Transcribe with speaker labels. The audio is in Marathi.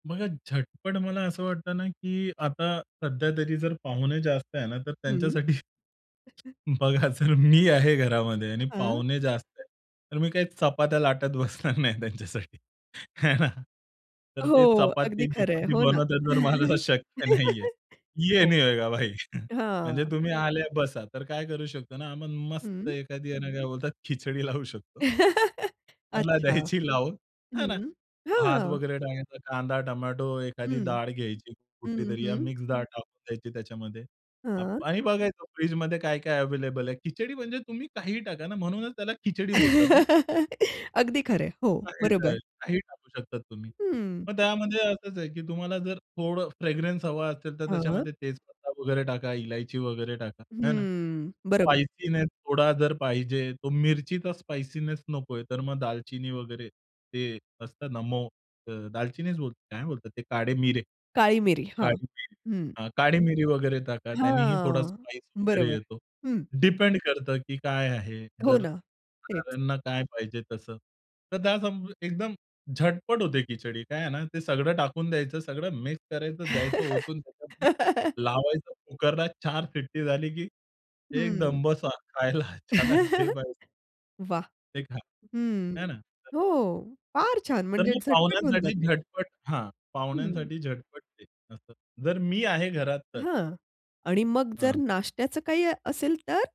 Speaker 1: बघा झटपट मला असं वाटतं ना, की आता सध्या तरी जर पाहुणे जास्त आहे ना, तर
Speaker 2: हं.
Speaker 1: त्यांच्यासाठी, बघा जर मी आहे घरामध्ये आणि
Speaker 2: हां.
Speaker 1: पाहुणे जास्त आहे. तर मी काही चपात्या लाटत बसणार नाही त्यांच्यासाठी आहे ना. तर
Speaker 2: हो,
Speaker 1: ते
Speaker 2: अगदी खरं आहे.
Speaker 1: चपाती-बिपाती
Speaker 2: हो ना.
Speaker 1: बनवतात तर मला शक्य नाहीये. ये
Speaker 2: हो.
Speaker 1: नहीं होएगा भाई. म्हणजे
Speaker 2: हां.
Speaker 1: तुम्ही आले बसा. तर काय करू शकतो ना, आपण मस्त
Speaker 2: हं.
Speaker 1: एखादी आहे ना, काय बोलतात खिचडी लावू शकतो. त्याला
Speaker 2: अच्छा.
Speaker 1: द्यायची लावून, है ना.
Speaker 2: हं.
Speaker 1: भात
Speaker 2: हां.
Speaker 1: वगैरे टाकायचा, कांदा, टोमॅटो, एखादी
Speaker 2: हं.
Speaker 1: डाळ घ्यायची
Speaker 2: हं,
Speaker 1: कुठलीतरी, या
Speaker 2: हं.
Speaker 1: मिक्स डाळ टाकून द्यायची त्याच्यामध्ये.
Speaker 2: हां.
Speaker 1: आप आणि बघायचं फ्रिजमध्ये काय-काय अव्हेलेबल आहे. खिचडी म्हणजे तुम्ही काहीही टाका ना, म्हणूनच त्याला खिचडी बोलतात ना.
Speaker 2: अगदी खरं आहे. हो, बरोबर.
Speaker 1: [unintelligible] काही टाकू शकता तुम्ही.
Speaker 2: हं.
Speaker 1: मग त्यामध्ये असच आहे, की तुम्हाला जर थोडं फ्रेग्रन्स हवा असेल, तर
Speaker 2: हां.
Speaker 1: त्याच्यामध्ये तेज पत्ता वगैरे टाका, इलायची वगैरे टाका, आहे ना.
Speaker 2: हं, बरोबर.
Speaker 1: स्पायसीनेस थोडा जर पाहिजे, तो मिरचीचा स्पाइसीनेस नकोय, तर मग दालचिनी वगैरे. ते असतात ना मो अ, दालचिनीच बोल काय बोलतात ते, काढे मिरे.
Speaker 2: काळी मिरी, हां.
Speaker 1: काळी मिरी
Speaker 2: हं.
Speaker 1: हां, काळी मिरी वगैरे टाका, त्यानेही थोडा
Speaker 2: हां,
Speaker 1: स्पायस वगैरे
Speaker 2: बरोबर.
Speaker 1: येतो.
Speaker 2: हं.
Speaker 1: डिपेंड करतं, की काय आहे,
Speaker 2: हो
Speaker 1: जर
Speaker 2: ना. तेच.
Speaker 1: खाणाऱ्यांना काय पाहिजे तसं. तर त्या संब एकदम झटपट होते खिचडी. काय आहे ना, ते सगळं टाकून द्यायचं, सगळं मिक्स करायचं द्यायचं, ओतून त्याच्यातन. लावायचं कुकरला 4 शिट्टी झाली, की एकदम
Speaker 2: हं.
Speaker 1: बसा खायला चला घे भाई.
Speaker 2: वाह!
Speaker 1: ते खा,
Speaker 2: हं,
Speaker 1: आहे ना, तसं.
Speaker 2: हो. फार छान
Speaker 1: तर
Speaker 2: म्हणजे
Speaker 1: मग
Speaker 2: झटपट होऊन
Speaker 1: पाहुण्यांसाठी
Speaker 2: जाते.
Speaker 1: झटपट हां,
Speaker 2: हं.
Speaker 1: पाहुण्यांसाठी झटपट ते असतं. जर मी आहे घरात तर.
Speaker 2: हां आणि मग जर
Speaker 1: हं.
Speaker 2: नाश्त्याचं काही असेल तर?